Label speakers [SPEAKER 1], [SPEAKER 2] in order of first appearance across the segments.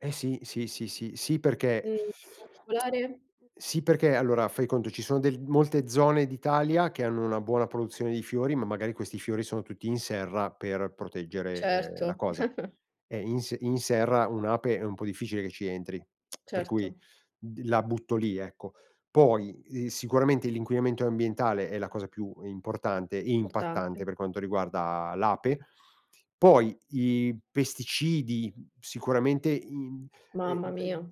[SPEAKER 1] Eh sì, sì, sì, sì, sì perché
[SPEAKER 2] Mhmm, in particolare?
[SPEAKER 1] sì perché allora fai conto ci sono de molte zone d'Italia che hanno una buona produzione di fiori, ma magari questi fiori sono tutti in serra per proteggere, ehm, la
[SPEAKER 2] Certo.
[SPEAKER 1] cosa. E in s in serra un'ape è un po' difficile che ci entri, per cui,
[SPEAKER 2] Certo.
[SPEAKER 1] d la butto lì, ecco. Poi, ehm, sicuramente l'inquinamento ambientale è la cosa più importante e impattante
[SPEAKER 2] Importante.
[SPEAKER 1] per quanto riguarda l'ape. Poi i pesticidi, mhmm, sicuramente in ehm
[SPEAKER 2] Mamma mia,
[SPEAKER 1] ehm,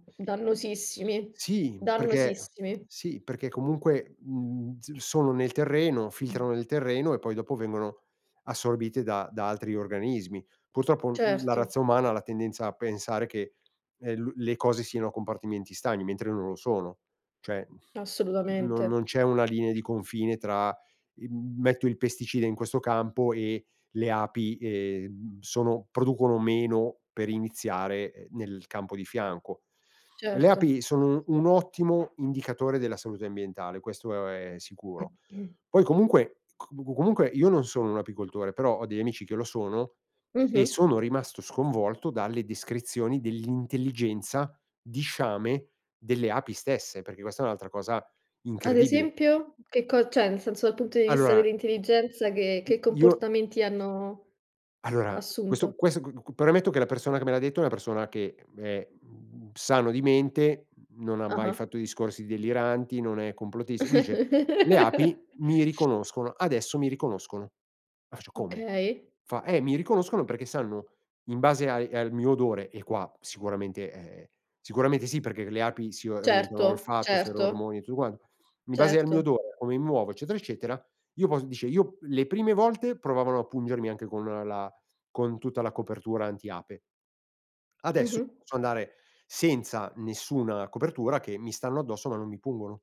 [SPEAKER 1] in
[SPEAKER 2] dannosissimi
[SPEAKER 1] sì perché
[SPEAKER 2] dannosissimi.
[SPEAKER 1] sì perché comunque, mhmm, s sono nel terreno, filtrano
[SPEAKER 2] Mh.
[SPEAKER 1] nel terreno e poi dopo vengono assorbite da da altri organismi. Purtroppo, uhm, la
[SPEAKER 2] Certo.
[SPEAKER 1] razza umana ha la tendenza a pensare che, ehm, lu le cose siano a compartimenti stagni mentre non lo sono. Cioè non non
[SPEAKER 2] Assolutamente.
[SPEAKER 1] c'è una linea di confine tra il, mhmm, metto il pesticida in questo campo e le api, ehm, sono producono meno per iniziare, ehm, nel campo di fianco. Le
[SPEAKER 2] Certo.
[SPEAKER 1] api sono un ottimo indicatore della salute ambientale, questo, ehm, è sicuro. Poi comunque c comunque io non sono un apicoltore, però ho degli amici che lo sono e
[SPEAKER 2] Mh-mh.
[SPEAKER 1] sono rimasto sconvolto dalle descrizioni dell'intelligenza di sciame delle api stesse, perché questa è un'altra cosa
[SPEAKER 2] Ad
[SPEAKER 1] incredibile.
[SPEAKER 2] esempio? Che co cioè, nel senso, dal punto di vista
[SPEAKER 1] Allora
[SPEAKER 2] dell'intelligenza, che
[SPEAKER 1] i
[SPEAKER 2] che
[SPEAKER 1] io
[SPEAKER 2] comportamenti hanno
[SPEAKER 1] ...allora, questo
[SPEAKER 2] assunto?
[SPEAKER 1] questo qu qu premetto che la persona che me l'ha detto è una persona che è, mhmm, sano di mente, mhmm, non ha mai
[SPEAKER 2] Ah-ah.
[SPEAKER 1] fatto discorsi deliranti, non è complottista, dice: "Le api mi riconoscono, adesso mi riconoscono." Ma faccio: "Come?"
[SPEAKER 2] Okay.
[SPEAKER 1] Fa: "Eh, mi riconoscono perché sanno in base ai al mio odore." E qua sicuramente e ,ehm, sicuramente sì perché le api si orientano,
[SPEAKER 2] Certo.
[SPEAKER 1] olfatto,
[SPEAKER 2] Certo.
[SPEAKER 1] ferormoni e tutto quan "In base al mio
[SPEAKER 2] Certo.
[SPEAKER 1] odore, o come mi muovo, eccetera, eccetera, io posso" dice: "Io le prime volte provavano a pungermi anche con un la con tutta la copertura anti ape adesso
[SPEAKER 2] Mh-mh.
[SPEAKER 1] posso andare senza nessuna copertura che mi stanno addosso ma non mi pungono."